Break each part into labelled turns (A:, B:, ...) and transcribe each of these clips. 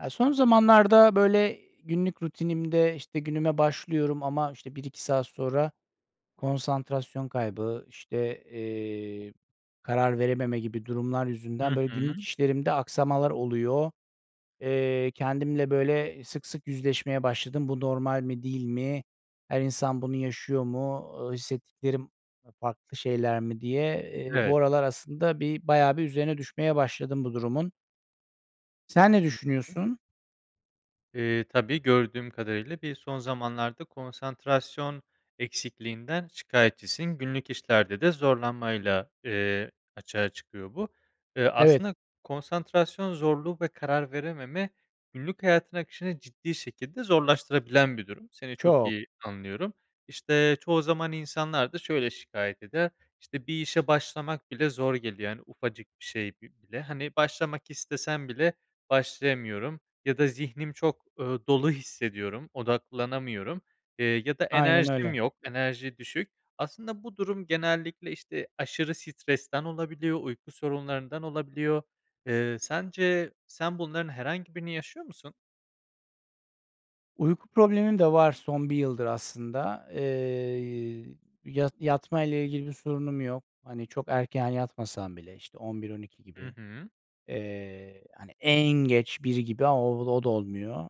A: Ya, son zamanlarda böyle günlük rutinimde, işte, günüme başlıyorum ama, işte, 1-2 saat sonra konsantrasyon kaybı, işte, eee, karar verememe gibi durumlar yüzünden
B: Hı
A: böyle
B: hı.
A: günlük işlerimde aksamalar oluyor. Eee, kendimle böyle sık sık yüzleşmeye başladım. Bu normal mi, değil mi? Her insan bunu yaşıyor mu? Iıı, hissettiklerim ı farklı şeyler mi diye, eee, bu
B: Evet.
A: aralar aslında bir bayağı bir üzerine düşmeye başladım bu durumun. Sen ne
B: Hı hı.
A: düşünüyorsun?
B: Eee, tabii, gördüğüm kadarıyla bir son zamanlarda konsantrasyon eksikliğinden şikâyetçisin. Günlük işlerde de zorlanmayla, eee, açığa çıkıyor bu. Eee,
A: Evet.
B: aslında konsantrasyon zorluğu ve karar verememe günlük hayatın akışını ciddi şekilde zorlaştırabilen bir durum. Seni çok
A: Çok.
B: iyi anlıyorum. İşte, çoğu zaman insanlar da şöyle şikâyet eder, işte, bir işe başlamak bile zor geliyor, yani, ufacık bir şey bi bile. Hani, başlamak istesem bile başlayamıyorum ya da zihnim çok, ııı, dolu hissediyorum, odaklanamıyorum, eee, ya da
A: Aynen
B: enerjim
A: öyle.
B: yok, enerji düşük. Aslında bu durum genellikle, işte, aşırı stresten olabiliyor, uyku sorunlarından olabiliyor. Eee, sence sen bunların herhangi birini yaşıyor musun?
A: Uyku problemim de var son 1 yıldır aslında. Eee, yat yatmayla ilgili bir sorunum yok. Hani, çok erken yatmasam bile, işte, 23.00 - 00.00
B: Hı
A: gibi,
B: hı.
A: eee, hani, en geç 1.00 gibi. Aaa, o o da olmuyor.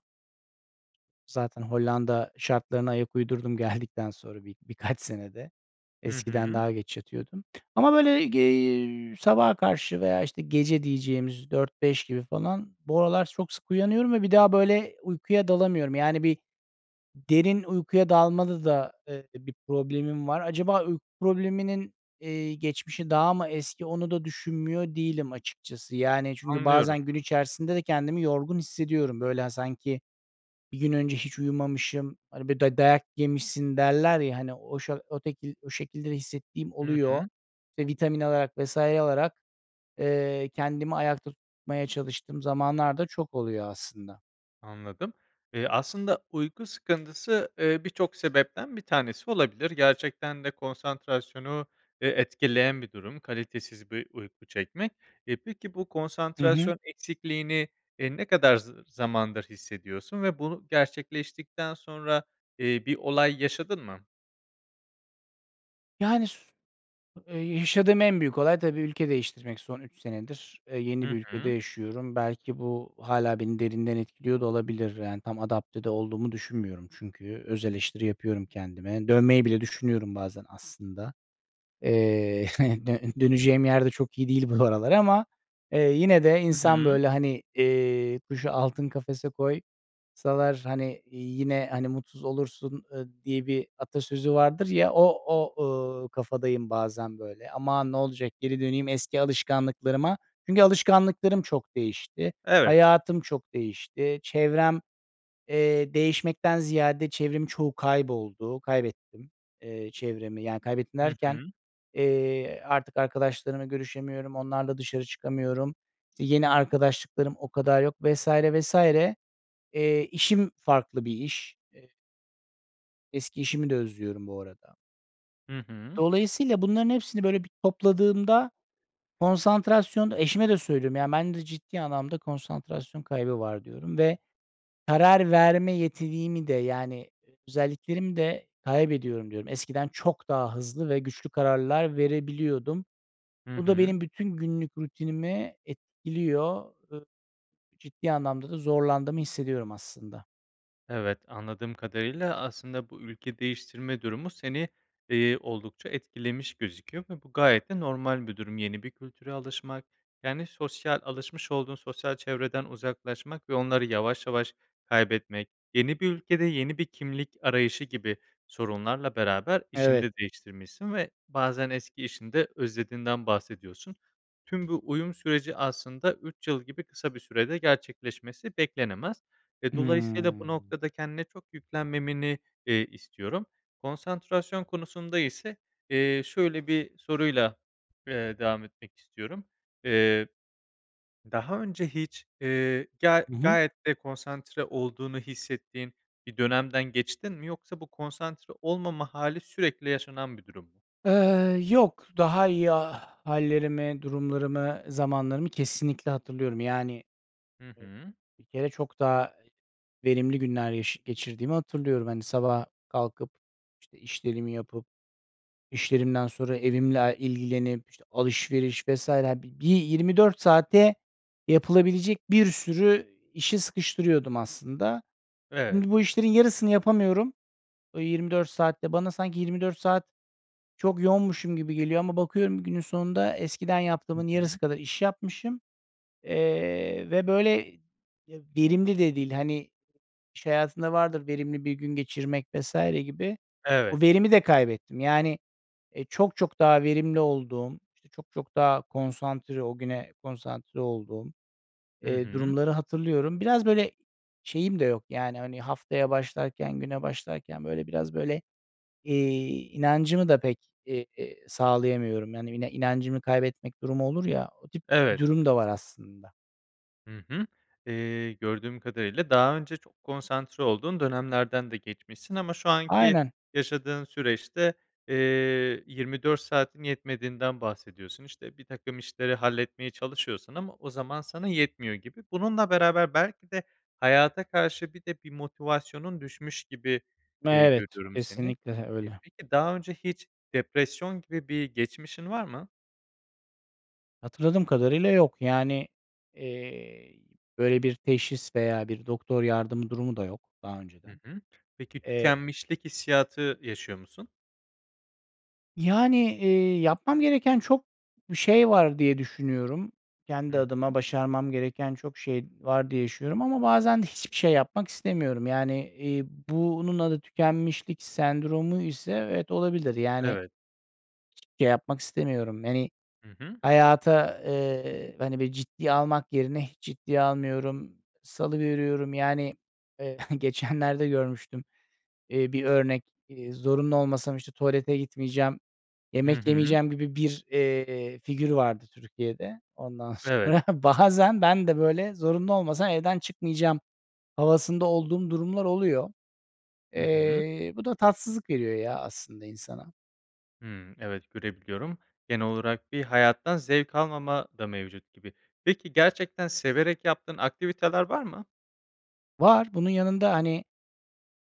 A: Zaten Hollanda şartlarına ayak uydurdum geldikten sonra bi birkaç senede,
B: Hı
A: eskiden
B: hı.
A: daha geç yatıyordum ama böyle gi iii, sabaha karşı veya işte, gece diyeceğimiz 4.00 - 5.00 gibi falan bu aralar çok sık uyanıyorum ve bir daha, böyle, uykuya dalamıyorum. Yani, bir derin uykuya dalmada da, eee, bir problemim var. Acaba uyku probleminin, eee, geçmişi daha mı eski onu da düşünmüyor değilim açıkçası, yani, çünkü
B: Anlıyorum.
A: bazen gün içerisinde de kendimi yorgun hissediyorum. Böyle, hani, sanki bir gün önce hiç uyumamışım, hani, böyle, day dayak yemişsin derler ya, hani, o şe o tekil o şekilde de hissettiğim
B: Hı
A: oluyor
B: hı.
A: ve vitamin alarak vs. alarak, eee, kendimi ayakta tutmaya çalıştığım zamanlar da çok oluyor aslında.
B: Anladım. Eee, aslında uyku sıkıntısı, eee, birçok sebepten bir tanesi olabilir. Gerçekten de konsantrasyonu, eee, etkileyen bir durum kalitesiz bir uyku çekmek. Eee, peki bu
A: Hı hı.
B: konsantrasyon eksikliğini, eee, ne kadar zı zamandır hissediyorsun ve bu gerçekleştikten sonra, eee, bir olay yaşadın mı?
A: Yani, s eee, yaşadığım en büyük olay tabii ülke değiştirmek son 3 senedir, eee, yeni
B: Hı
A: bir ülkede
B: hı.
A: yaşıyorum. Belki bu hâlâ beni derinden etkiliyor da olabilir. Yani tam adapte de olduğumu düşünmüyorum. Çünkü özeleştiri yapıyorum kendime. Dönmeyi bile düşünüyorum bazen aslında. Eee, dön döneceğim yer de çok iyi değil bu aralar ama, eee, yine de
B: Hı
A: insan
B: hı.
A: böyle, hani, eee, kuşu altın kafese koysalar, hani, yine, hani, mutsuz olursun, ııı, diye bir atasözü vardır ya, o o, ııı, kafadayım bazen böyle. Aman, ne olacak, geri döneyim eski alışkanlıklarıma. Çünkü alışkanlıklarım çok değişti.
B: Evet.
A: Hayatım çok değişti. Çevrem, eee, değişmekten ziyade, çevremin çoğu kayboldu, kaybettim, eee, çevremi. Yani kaybettim
B: Hı
A: derken,
B: hı.
A: eee, artık arkadaşlarımla görüşemiyorum, onlarla dışarı çıkamıyorum. Yeni arkadaşlıklarım o kadar yok vs. vs. Eee, işim farklı bir iş. Eee Eski işimi de özlüyorum bu arada.
B: Hı hı.
A: Dolayısıyla bunların hepsini böyle bir topladığımda, konsantrasyon, eşime de söylüyorum, yani, "Bende ciddi anlamda konsantrasyon kaybı var." diyorum ve karar verme yetimi de yani, özelliklerimi de kaybediyorum diyorum. Eskiden çok daha hızlı ve güçlü kararlar verebiliyordum.
B: Hı
A: Bu da
B: hı.
A: benim bütün günlük rutinime etkiliyor. Iıı, ciddi anlamda da zorlandığımı hissediyorum aslında.
B: Evet. Anladığım kadarıyla, aslında, bu ülke değiştirme durumu seni, eee, oldukça etkilemiş gözüküyor ve bu gayet de normal bir durum. Yeni bir kültüre alışmak, yani, sosyal, alışmış olduğun sosyal çevreden uzaklaşmak ve onları yavaş yavaş kaybetmek, yeni bir ülkede, yeni bir kimlik arayışı gibi sorunlarla beraber işini
A: Evet.
B: de değiştirmişsin ve bazen eski işini de özlediğinden bahsediyorsun. Tüm bu uyum süreci, aslında, 3 yıl gibi kısa bir sürede gerçekleşmesi beklenemez ve dolayısıyla bu
A: Hıı.
B: noktada kendine çok yüklenmemeni, eee, istiyorum. Konsantrasyon konusunda ise, eee, şöyle bir soruyla, eee, devam etmek istiyorum. Eee, daha önce hiç, eee, ya,
A: Hı hı.
B: gayet de konsantre olduğunu hissettiğin bir dönemden geçtin mi, yoksa bu konsantre olmama hâli sürekli yaşanan bir durum?
A: Eee, yok, daha iyi ha hâllerimi, durumlarımı, zamanlarımı kesinlikle hatırlıyorum. Yani,
B: Hı
A: eee,
B: hı.
A: bir kere çok daha verimli günler yaşa geçirdiğimi hatırlıyorum. Hani, sabah kalkıp, işte, işlerimi yapıp, işlerimden sonra evimle ilgilenip, işte, alışveriş vs. hani, bir 24 saate yapılabilecek bir sürü işi sıkıştırıyordum aslında.
B: Evet.
A: Şimdi bu işlerin yarısını yapamıyorum. O 24 saat de bana sanki 24 saat çok yoğunmuşum gibi geliyor ama bakıyorum, günün sonunda eskiden
B: Hı
A: yaptığımın yarısı
B: hı.
A: kadar iş yapmışım, eee, ve böyle, eee, verimli de değil. Hani, iş hayatında vardır, verimli bir gün geçirmek vs. gibi. Bu
B: Evet.
A: verimi de kaybettim. Yani, eee, çok çok daha verimli olduğum, işte, çok çok daha konsantre, o güne konsantre olduğum,
B: Hı
A: eee,
B: hı.
A: durumları hatırlıyorum. Biraz böyle şeyim de yok, yani, hani, haftaya başlarken, güne başlarken böyle biraz böyle, eee, inancımı da pek, eee, sağlayamıyorum. Yani, [unintelligible] inancını kaybetmek durumu olur ya, o tip
B: Evet.
A: durum da var aslında.
B: Hı hı. Eee, gördüğüm kadarıyla daha önce çok konsantre olduğun dönemlerden de geçmişsin ama şu anki
A: Aynen.
B: yaşadığın süreçte, eee, 24 saatin yetmediğinden bahsediyorsun, işte, birtakım işleri halletmeye çalışıyorsun ama o zaman sana yetmiyor gibi. Bununla beraber belki de, hayata karşı bir de bir motivasyonun düşmüş gibi, eee,
A: Evet,
B: görüyorum seni.
A: kesinlikle, he,
B: Eee,
A: öyle.
B: peki daha önce hiç depresyon gibi bir geçmişin var mı?
A: Hatırladığım kadarıyla yok, yani, eee, böyle bir teşhis veya bir doktor yardımı durumu da yok, daha
B: Hı
A: önceden.
B: hı. Peki
A: Eee
B: tükenmişlik hissiyatı yaşıyor musun?
A: Yani, eee, yapmam gereken çok bir şey var diye düşünüyorum. Kendi
B: Hı hı.
A: adıma başarmam gereken çok şey var diye düşünüyorum ama bazen de hiçbir şey yapmak istemiyorum. Yani, eee, bunun adı tükenmişlik sendromu ise evet olabilir. Yani
B: Evet.
A: hiçbir şey yapmak istemiyorum, hani,
B: Hı hı.
A: hayata, eee, hani, bir ciddiye almak yerine hiç ciddiye almıyorum, salıveriyorum. Yani, eee, geçenlerde görmüştüm, eee, bir örnek, eee, zorunlu olmasam işte tuvalete gitmeyeceğim,
B: Hı
A: yemek
B: hı.
A: yemeyeceğim gibi bir, eee, figür vardı Türkiye'de. Ondan
B: Evet.
A: sonra, bazen ben de böyle zorunlu olmasam evden çıkmayacağım havasında olduğum durumlar oluyor.
B: Hı hı.
A: Eee, bu da tatsızlık veriyor, ya, aslında insana.
B: Hıı, evet görebiliyorum, genel olarak bir hayattan zevk almama da mevcut gibi. Peki, gerçekten severek yaptığın aktiviteler var mı?
A: Var bunun yanında, hani,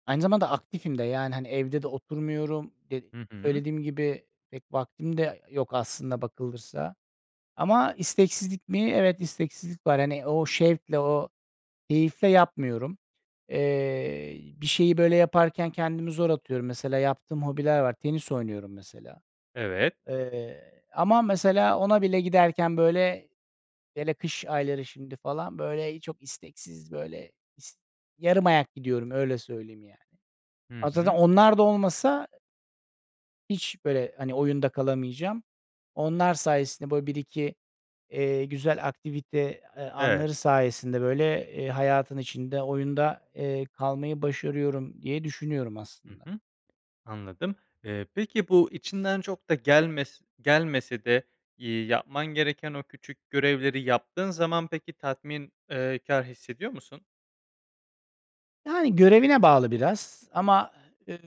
A: aynı zamanda aktifim de, yani, hani, evde de oturmuyorum de
B: Hı hı.
A: söylediğim gibi, pek vaktim de yok aslına bakılırsa ama isteksizlik mi? Evet, isteksizlik var. Hani, o şevkle, o keyifle yapmıyorum. Eee, bir şeyi böyle yaparken kendimi zor atıyorum, mesela yaptığım hobiler var, tenis oynuyorum mesela.
B: Evet.
A: Eee, ama mesela ona bile giderken böyle, hele kış ayları şimdi, falan, böyle, eee, çok isteksiz, böyle, is yarım ayak gidiyorum öyle söyleyeyim, yani.
B: Hı
A: Zaten
B: hı.
A: onlar da olmasa hiç böyle, hani, oyunda kalamayacağım. Onlar sayesinde böyle 1-2, eee, güzel aktivite, eee,
B: Evet.
A: anları sayesinde böyle, eee, hayatın içinde, oyunda, eee, kalmayı başarıyorum diye düşünüyorum
B: Hı
A: aslında.
B: hı, anladım, eee, peki bu içinden çok da gelmes gelmese de y yapman gereken o küçük görevleri yaptığın zaman peki tatmin eee, kâr hissediyor musun?
A: Yani görevine bağlı biraz. Ama, ııı,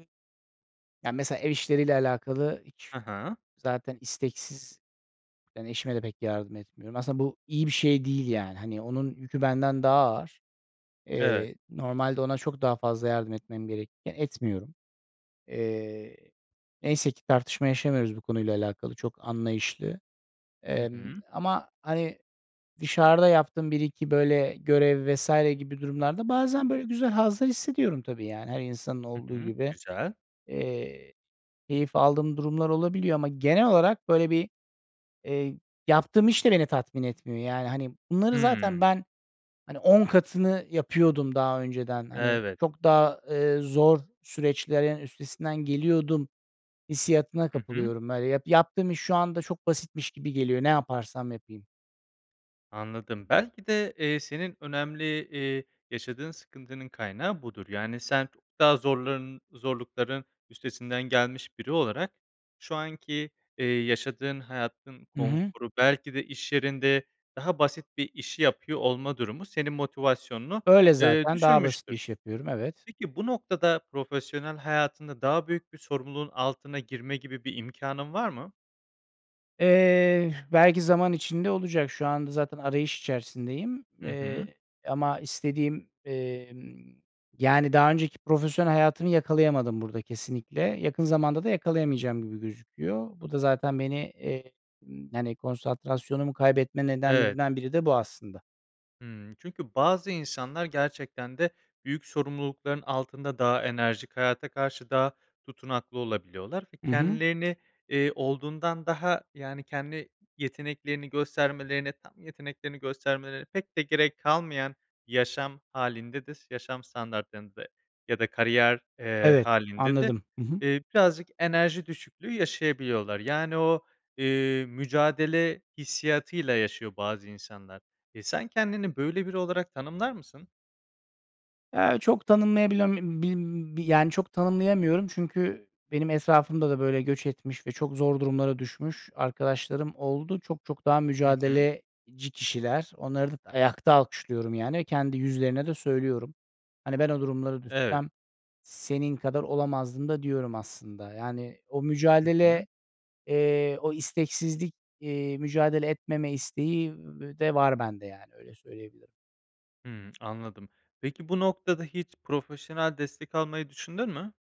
A: yani, mesela ev işleriyle alakalı hiç
B: Hı hı.
A: zaten isteksiz Ben eşime de pek yardım etmiyorum. Aslında bu iyi bir şey değil, yani. Hani, onun yükü benden daha ağır.
B: Evet.
A: Eee, normalde ona çok daha fazla yardım etmem gerekirken etmiyorum. Eee, neyse ki tartışma yaşamıyoruz bu konuyla alakalı, çok anlayışlı.
B: Hı
A: Emm,
B: hı.
A: ama, hani, dışarıda yaptığım 1-2 böyle görev vs. gibi durumlarda, bazen, böyle, güzel hazlar hissediyorum tabii, yani, her insanın
B: Hı
A: olduğu
B: hı.
A: gibi.
B: Güzel.
A: Eee, keyif aldığım durumlar olabiliyor ama genel olarak böyle bir, eee, yaptığım iş de beni tatmin etmiyor. Yani, hani, bunları
B: Hıı.
A: zaten ben, hani, 10 katını yapıyordum daha önceden. Hani,
B: Evet.
A: çok daha, eee, zor süreçlerin üstesinden geliyordum, hissiyatına
B: Hı hı.
A: kapılıyorum. Böyle yap yaptığım iş şu anda çok basitmiş gibi geliyor, ne yaparsam yapayım.
B: Anladım. Belki de, eee, senin önemli, eee, yaşadığın sıkıntının kaynağı budur. Yani sen çok daha zorların zorlukların üstesinden gelmiş biri olarak, şu anki, eee, yaşadığın hayatın
A: Hı hı.
B: konforu, belki de iş yerinde daha basit bir işi yapıyor olma durumu senin motivasyonunu,
A: Öyle
B: eee,
A: zaten daha basit bir
B: düşürmüştür.
A: iş yapıyorum, evet.
B: Peki bu noktada profesyonel hayatında daha büyük bir sorumluluğun altına girme gibi bir imkanın var mı?
A: Eee, belki zaman içinde olacak. Şu anda zaten arayış içerisindeyim,
B: Hı
A: eee,
B: hı.
A: ama istediğim, emm, yani, daha önceki profesyonel hayatımı yakalayamadım burada kesinlikle. Yakın zamanda da yakalayamayacağım gibi gözüküyor. Bu da zaten beni, eee, ımm, yani, konsantrasyonumu kaybetme
B: Evet.
A: nedenlerimden biri de bu aslında.
B: Hıı. Çünkü bazı insanlar gerçekten de büyük sorumlulukların altında daha enerjik, hayata karşı daha tutunaklı olabiliyorlar ve
A: Hı hı.
B: kendilerini, eee, olduğundan daha, yani, kendi yeteneklerini göstermelerini, tam yeteneklerini göstermeleri pek de gerek kalmayan yaşam hâlinde de s yaşam standartlarında ya da kariyer, eee,
A: Evet,
B: hâlinde de,
A: anladım. Hı hı.
B: eee, birazcık enerji düşüklüğü yaşayabiliyorlar. Yani, o, eee, mücadele hissiyatıyla yaşıyor bazı insanlar. E, sen kendini böyle biri olarak tanımlar mısın?
A: Eee, çok tanımlayabilen [unintelligible] bi yani, çok tanımlayamıyorum çünkü benim etrafımda da böyle göç etmiş ve çok zor durumlara düşmüş arkadaşlarım oldu. Çok çok daha
B: Hı hı.
A: mücadeleci kişiler, onları d ayakta alkışlıyorum. Yani, kendi yüzlerine de söylüyorum. Hani, ben o durumlara
B: Evet.
A: düşsem senin kadar olamazdım da diyorum aslında. Yani, o
B: Hı
A: mücadele,
B: hı.
A: eee, o isteksizlik, eee, mücadele etmeme isteği de v v var bende, yani, öyle söyleyebilirim.
B: Hıı, anladım. Peki bu noktada hiç profesyonel destek almayı düşündün mü?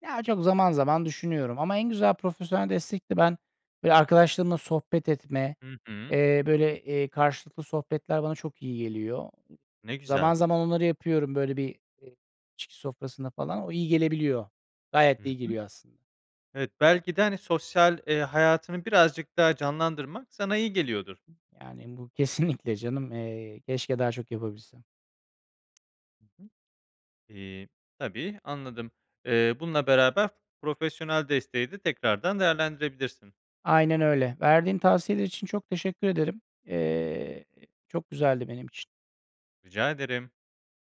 A: Ya, çok zaman zaman düşünüyorum ama en güzel profesyonel destek de ben böyle arkadaşlarımla sohbet etme,
B: Hı hı.
A: eee, böyle, eee, karşılıklı sohbetler bana çok iyi geliyor.
B: Ne
A: Zaman
B: güzel.
A: zaman onları yapıyorum. Böyle bir, eee, içki sofrasında falan o iyi gelebiliyor.
B: Hı
A: Gayet de iyi
B: hı.
A: geliyor aslın
B: Evet belki de hani sosyal, eee, hayatını birazcık daha canlandırmak sana iyi geliyordur.
A: Yani bu, kesinlikle canım. Eee, keşke daha çok yapabilsem.
B: Hı hı. İii, tabii anladım. Eee, bununla beraber profesyonel desteği de tekrardan değerlendirebilirsin.
A: Aynen öyle. Verdiğin tavsiyeler için çok teşekkür ederim. Eee, çok güzeldi benim için.
B: Rica ederim.